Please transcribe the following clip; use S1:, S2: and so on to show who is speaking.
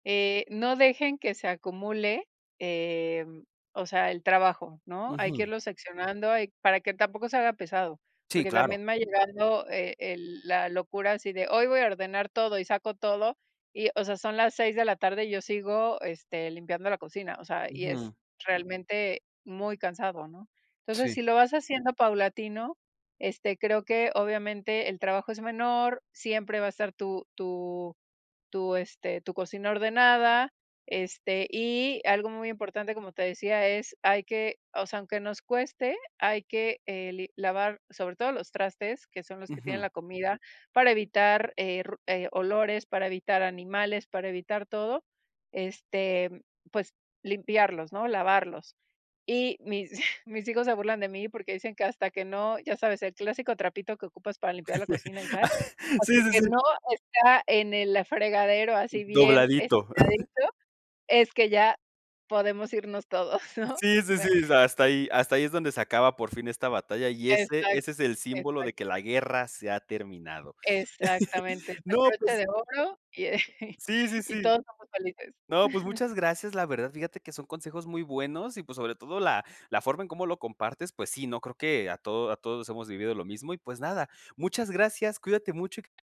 S1: Eh, no dejen que se acumule, em, o sea, el trabajo, ¿no? Hay que
S2: Ujú.
S1: irlo seccionando, hay para que tampoco se haga pesado,
S2: Sí,
S1: porque
S2: claro.
S1: también me ha llegado e el la locura así de: "Hoy voy a ordenar todo". Y saco todo y, o sea, son las 6 de la tarde, yo sigo, este, limpiando la cocina, o sea, y es
S2: Ujú.
S1: realmente muy cansado, ¿no? Entonces,
S2: Sí.
S1: si lo vas haciendo paulatino, este, creo que obviamente el trabajo es menor. Siempre va a estar tu tu tu, este, tu cocina ordenada. Este, y algo muy importante como te decía es hay que o sea, aunque nos cueste, hay que eh, li lavar sobre todo los trastes, que son los que tienen
S2: Ujú.
S1: la comida para evitar, eh, ru eh, olores, para evitar animales, para evitar todo, este, pues limpiarlos, ¿no? Lavarlos. Y mis mis hijos se burlan de mí porque dicen que: “Hasta que no”. Ya sabes, el clásico trapito que ocupas para limpiar la cocina y tal:
S2: Sí,
S1: "Hasta
S2: sí,
S1: que
S2: sí.
S1: no está en el fregadero así bien
S2: Dobladito.
S1: estiradito, es que ya podemos irnos todos, ¿no?".
S2: Sí, sí,
S1: Me
S2: sí. O sea, hasta ahí hasta ahí es donde se acaba por fin esta batalla, y ese
S1: Exac
S2: ese es el símbolo
S1: exac
S2: de que la guerra se ha terminado.
S1: exactamente, el
S2: No,
S1: broche
S2: pues
S1: de oro y, eh,
S2: Sí, sí,
S1: y
S2: sí.
S1: todos somos felices.
S2: No, pues muchas gracias, la verdad, fíjate que son consejos muy buenos, y pues, sobre todo la la forma en como lo compartes, pues sí, no creo que a todo a todos hemos vivido lo mismo y, pues, nada. Muchas gracias, cuídate mucho y q